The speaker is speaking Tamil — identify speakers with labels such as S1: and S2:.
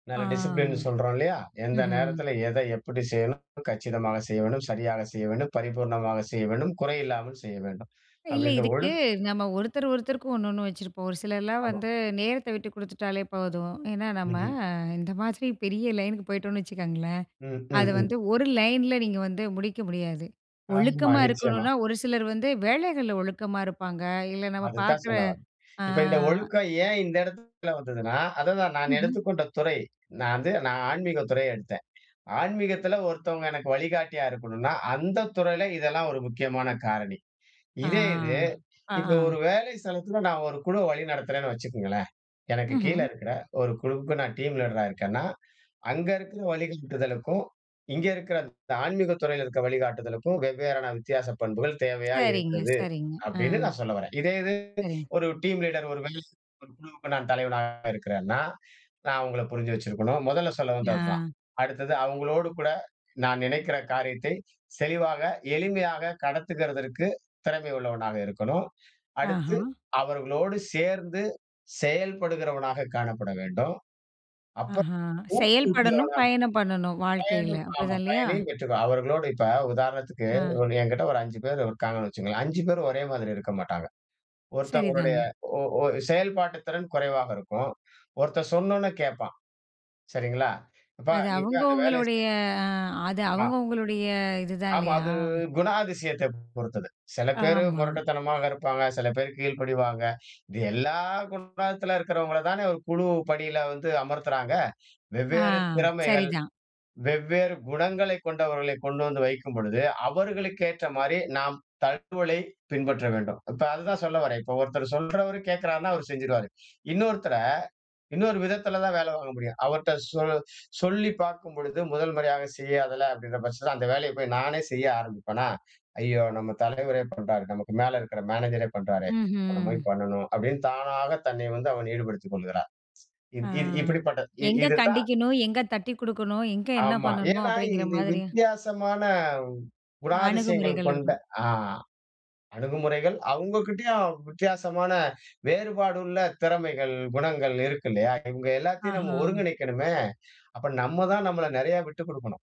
S1: ஆ
S2: நல்ல டிசிப்ளின்னு சொல்றோம் இல்லயா? எந்த
S1: ம்ஹ்ம்.
S2: நேரத்தில எத எப்படி செய்யனும்? கச்சிதமாக செய்யவேணும், சரியா செய்யவேணும், பரிபூரணமாக செய்யவேணும். குறையில்லாமல் செய்ய வேண்டும்.
S1: இல்ல
S2: அப்டின்ற
S1: இதுக்கு
S2: ஒழுக்
S1: நம்ம ஒருத்தர் ஒருத்தருக்கும் ஒன்னொன்னு வச்சுருப்போம். ஒரு சிலர்லாம்
S2: ஆமா.
S1: வந்து நேரத்த விட்டு குடுத்துட்டாலே போதும். ஏன்னா நம்ம
S2: ம்ஹ்ம்.
S1: இந்த மாரி பெரிய லைனுக்கு போய்ட்டோம்னு வச்சுக்கோங்களேன்.
S2: ம்.
S1: அது
S2: ம்ஹ்ம்.
S1: வந்து ஒரு லைன்ல நீங்க வந்து முடிக்க முடியாது.
S2: ஆமா
S1: ஒழுக்கமா
S2: நிச்சயமா.
S1: இருக்கணுன்னா ஒரு சிலர் வந்து வேலைகள்ல ஒழுக்கமா இருப்பாங்க, இல்ல நம்ம
S2: அது தான்
S1: பார்க்குற
S2: சொல்ல வர்றேன்.
S1: ஆ.
S2: இப்ப இந்த ஒழுக்கம் ஏன் இந்த இடத்தில வந்ததுன்னா, அதுதான் நான்
S1: ம்ஹ்ம்.
S2: எடுத்துக்கொண்ட துறை. நான் வந்து நான் ஆன்மீகத் துறை எடுத்தேன். ஆன்மீகத்தில ஒருத்தவங்க எனக்கு வழிகாட்டியா இருக்கணுன்னா, அந்த துறையில இதெல்லாம் ஒரு முக்கியமான காரணி.
S1: ஆ
S2: இதே இது, இப்ப
S1: ஆ.
S2: ஒரு வேலை ஸ்தலத்தில நான் ஒரு குழுவ வழிநடத்துறேன்னு வச்சுக்கொங்களேன், எனக்கு
S1: ம்ஹம்.
S2: கீழே இருக்கிற ஒரு குழுவுக்கு நான் டீம் லீடரா இருக்கேன்னா, அங்க இருக்கிற வழிகாட்டுதலுக்கும், இங்க இருக்கிற ஆன்மீகத் துறையில இருக்கிற வழிகாட்டுதலுக்கும் வெவ்வேறான வித்தியாச பண்புகள் தேவையா
S1: சரிங்க
S2: இருக்குது,
S1: சரிங்க ஆ.
S2: அப்டின்னு நான் சொல்ல வர்றேன். இதே இது
S1: சரிங்க.
S2: ஒரு டீம் லீடர், ஒரு வேள ஒரு குழுவுக்கு நான் தலைவனா இருக்கேன்னா நான் அவங்கள புரிஞ்சு வச்சிருக்கணும். முதல்ல சொல்ல வந்ததுதான்.
S1: ஆ.
S2: அடுத்தது அவங்களோடு கூட நான் நெனக்கிற காரியத்தை, தெளிவா, எளிமையா கடத்துகதற்கு திறமை உள்ளவனா இருக்கணும். அடுத்து
S1: ஆஹா.
S2: அவர்களோடு சேர்ந்து செயல்படுகிறவனாக காணப்பட வேண்டும். அப்புறம்
S1: ஆஹா, செயல்படணும்,
S2: ஊக்குவிக்கிறவனா,
S1: பயணம் பண்ணணும் வாழ்க்கையில
S2: பயனும் ஆமா
S1: அப்படிதான் இல்லயா?
S2: பயனயும் பெற்றுக்கொ அவர்களோடு இப்ப உதாரணத்துக்கு
S1: ஆ.
S2: என்கிட்ட ஒரு 5 பேர் இருக்காங்கன்னு வச்சுக்கோங்களேன். 5 பேரும் ஒரே மாரி இருக்க மாட்டாங்க. ஒருத்தவங்களுடைய
S1: சரிதாங்க.
S2: ஓ ஓ செயல்பாட்டுத் திறன் குறைவாக இருக்கும். ஒருத்தன் சொன்னொன்னே கேப்பான். சரிங்களா? அப்ப
S1: அது
S2: நீ
S1: அவுங்க
S2: போய் அந்த வேலைய
S1: அவுங்களுடைய
S2: செய்
S1: அது
S2: ஆ.
S1: அவுங்க அவுங்களுடைய இதுதான்
S2: ஆமா
S1: இல்லயா?
S2: அது குணாதிசயத்தை பொறுத்தது. சில பேர்
S1: ஆமா.
S2: மொரட்டுத்தனமாக இருப்பாங்க. சில பேரு கீழ்படிவாங்க. இது எல்லா குணத்தில இருக்கிறவங்கள தானே ஒரு குழு பணியில வந்து அமர்த்துறாங்க.
S1: ஆ
S2: வெவ்வேறு திறமைகள்,
S1: சரிதான்.
S2: வெவ்வேறு குணங்களைக் கொண்டவர்களை கொண்டு வந்து வைக்கும் பொழுது, அவர்களுக்கு ஏற்ற மாரி நாம் தகவலை பின்பற்ற வேண்டும். இப்ப அத தான் சொல்ல வர்றேன். இப்ப ஒருத்தர் சொல்றவரு கேட்கிறாருன்னா அவர் செஞ்சுருவாரு. இன்னொருத்தர இன்னொரு விதத்துல தான் வேலை வாங்க முடியும். அவர்ட்ட சொ சொல்லி பார்க்கும் பொழுது 1 முறையா செய்யாததுல அப்படின்ற பட்சத்துல அந்த வேலைய போய் நானே செய்ய ஆரம்பிப்பனா? ஐயயோ! நம்ம தலைவரே பண்றாரு. நமக்கு மேல இருக்கிற மேனேஜர் பண்றாரே, இப்ப நம்ம
S1: ம்ஹ்ம்.
S2: போய் பண்ணனும் அப்டின்னு தானாக தன்னை வந்து அவன் ஈடுபடுத்திக் கொள்கிறார்.
S1: ஆ.
S2: இத் இத் இப்டி பட்டது இ
S1: எங்க
S2: இதுதான்
S1: கண்டிக்கணும்? எங்க தட்டிக் கொடுக்கணும்? எங்க என்ன
S2: ஆமா.
S1: பண்ணணும்?
S2: ஏன்னா
S1: அப்படிங்கிற
S2: இது
S1: மாரி
S2: வித்தியாசமான குணாதிசயங்கள்
S1: அணுகுமுறைகள்
S2: கொண்ட
S1: இருக்கணும்.
S2: ஆ, அணுகுமுறைகள். அவுங்ககிட்டேயும் வித்தியாசமான வேறுபாடுள்ள திறமைகள், குணங்கள் இருக்கு இல்லயா? இவங்க எல்லாத்தையும் நம்ம
S1: ஆஹா.
S2: ஒருங்கிணைக்கணுமே! அப்போ நம்ம தான் நம்மள நெறைய விட்டு குடுக்கணும்.